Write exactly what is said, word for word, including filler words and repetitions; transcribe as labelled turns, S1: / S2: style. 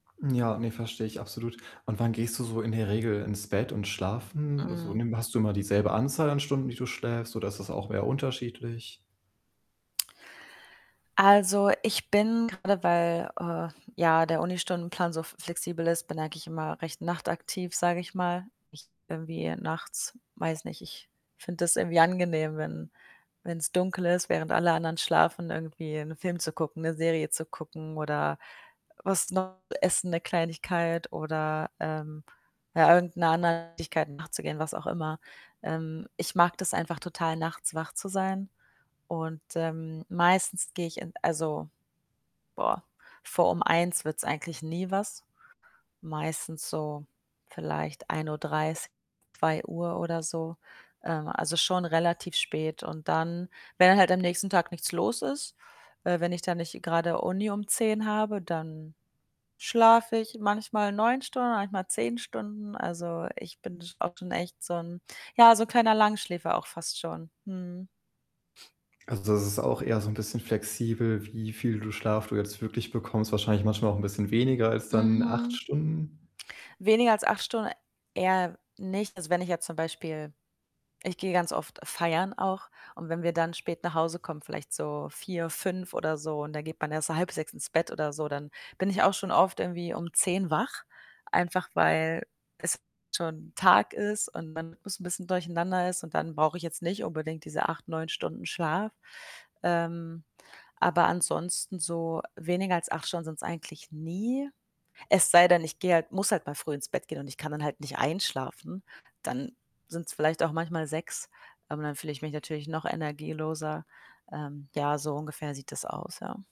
S1: Ja, ne, verstehe ich absolut. Und wann gehst du so in der Regel ins Bett und schlafen? So,
S2: Mhm.
S1: nimm hast du immer dieselbe Anzahl an Stunden, die du schläfst oder ist das auch eher unterschiedlich?
S2: Also, ich bin gerade, weil, äh, ja, der Unistundenplan so f flexibel ist, bin eigentlich immer recht nachtaktiv, sage ich mal. Ich irgendwie nachts, weiß nicht, ich finde das irgendwie angenehm, wenn wenn's dunkel ist, während alle anderen schlafen, irgendwie 'n Film zu gucken, 'ne Serie zu gucken oder was noch essen, 'ne Kleinigkeit oder, ähm, ja, irgend 'ner anderen Tätigkeit nachzugehen, was auch immer. Ähm, ich mag das einfach total, nachts wach zu sein. Und, ähm, meistens gehe ich in also, boah, vor um eins wird's eigentlich nie was. Meistens so vielleicht ein Uhr dreißig, zwei Uhr oder so, ähm, also, schon relativ spät. Und dann wenn dann halt am nächsten Tag nichts los ist, äh, wenn ich da nicht grade Uni um zehn habe, dann schlafe ich manchmal neun Stunden, manchmal zehn Stunden. Also, ich bin sch auch schon echt so 'n, ja, so 'n kleiner Langschläfer auch fast schon. Mhm.
S1: Also, das ist auch eher so 'n bisschen flexibel, wie viel du Schlaf du jetzt wirklich bekommst, wahrscheinlich manchmal auch 'n bisschen weniger als dann acht
S2: Mhm.
S1: Stunden
S2: Weniger als acht Stunden eher nicht. Also, wenn ich jetzt zum Beispiel ich gehe ganz oft feiern auch und wenn wir dann spät nach Hause kommen, vielleicht so vier, fünf oder so und dann geht man erst halb halb sechs ins Bett oder so, dann bin ich auch schon oft irgendwie um zehn wach, einfach weil es schon Tag ist und man bisschen durcheinander ist und dann brauche ich jetzt nicht unbedingt diese acht, neun Stunden Schlaf. Ähm, aber ansonsten so weniger als acht Stunden sind's eigentlich nie. Es sei denn, ich gehe halt muss halt mal früh ins Bett gehen und ich kann dann halt nicht einschlafen. Dann sind's vielleicht auch manchmal sechs, aber dann fühle ich mich natürlich noch energieloser. Ähm, ja, so ungefähr sieht das aus, ja.